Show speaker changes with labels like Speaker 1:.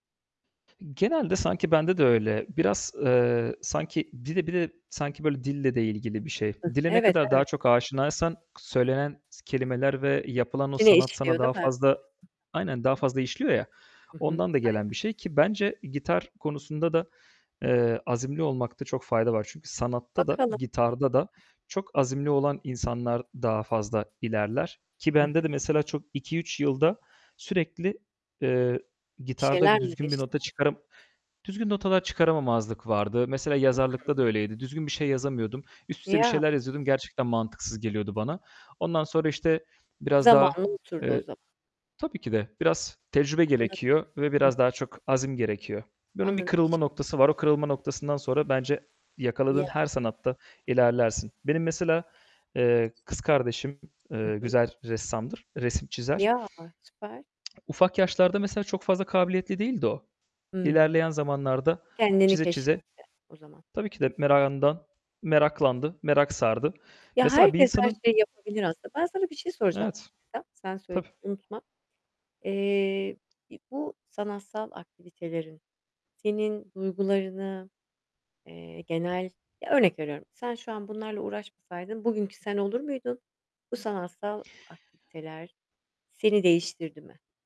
Speaker 1: Genelde sanki bende de öyle. Biraz, eee, sanki, dide bir de sanki böyle dille de ilgili bir şey.
Speaker 2: Hıh.
Speaker 1: Dile ne
Speaker 2: Evet,
Speaker 1: kadar
Speaker 2: evet.
Speaker 1: daha çok aşinaysan k söylenen s kelimeler ve yapılan o
Speaker 2: İçine
Speaker 1: sanat sana
Speaker 2: işliyor değil
Speaker 1: daha
Speaker 2: mi?
Speaker 1: fazla Aynen, daha fazla işliyor ya,
Speaker 2: Hı hı.
Speaker 1: ondan da gelen bir
Speaker 2: Aynen.
Speaker 1: şey ki bence gitar konusunda da, eee, azimli olmakta çok fayda var. Çünkü sanatta da,
Speaker 2: Bakalım.
Speaker 1: gitarda da çok azimli olan insanlar daha fazla ilerler ki
Speaker 2: Hı hı.
Speaker 1: bende de mesela çok 2-3 yılda sürekli, eee,
Speaker 2: Bir
Speaker 1: gitarda
Speaker 2: şeyler
Speaker 1: bir
Speaker 2: mi
Speaker 1: düzgün bir
Speaker 2: değişti?
Speaker 1: nota çıkarım düzgün notalar çıkaramamazlık vardı. Mesela yazarlıkta da
Speaker 2: [unintelligible]
Speaker 1: öyleydi. Düzgün bir şey yazamıyordum. Üst üste bir
Speaker 2: Ya.
Speaker 1: şeyler yazıyordum, gerçekten mantıksız geliyordu bana. Ondan sonra işte biraz daha,
Speaker 2: Zamanı unuturdu o
Speaker 1: eee
Speaker 2: zaman.
Speaker 1: Tabii ki de biraz tecrübe
Speaker 2: Anladım.
Speaker 1: gerekiyor ve
Speaker 2: Hıh.
Speaker 1: biraz daha çok azim gerekiyor. Bunun bir
Speaker 2: Anladım.
Speaker 1: kırılma noktası var. O kırılma
Speaker 2: [unintelligible]
Speaker 1: noktasından sonra bence yakaladığın
Speaker 2: Ya.
Speaker 1: her sanatta ilerlersin. Benim
Speaker 2: [unintelligible]
Speaker 1: mesela, eee, kız kardeşim,
Speaker 2: Hı
Speaker 1: eee,
Speaker 2: hı.
Speaker 1: güzel ressamdır, resim çizer.
Speaker 2: Ya, süper.
Speaker 1: Ufak yaşlarda mesela çok fazla kabiliyetli değildi o.
Speaker 2: Hımm.
Speaker 1: İlerleyen zamanlarda
Speaker 2: Kendini
Speaker 1: çize çize
Speaker 2: keşfetti o zaman.
Speaker 1: tabii ki de merakından, meraklandı, merak sardı.
Speaker 2: Ya
Speaker 1: Mesela bir
Speaker 2: herkes her
Speaker 1: insanın
Speaker 2: şeyi yapabilir aslında. Ben sana bir şey soracağım
Speaker 1: Evet,
Speaker 2: [unintelligible] sen söyle
Speaker 1: tabii.
Speaker 2: unutma. Eee, bir bu sanatsal aktivitelerin senin duygularını, eee, genel, ya, örnek veriyorum, sen şu an bunlarla uğraşmasaydın bugünkü sen olur muydun? Bu sanatsal aktiviteler seni değiştirdi mi?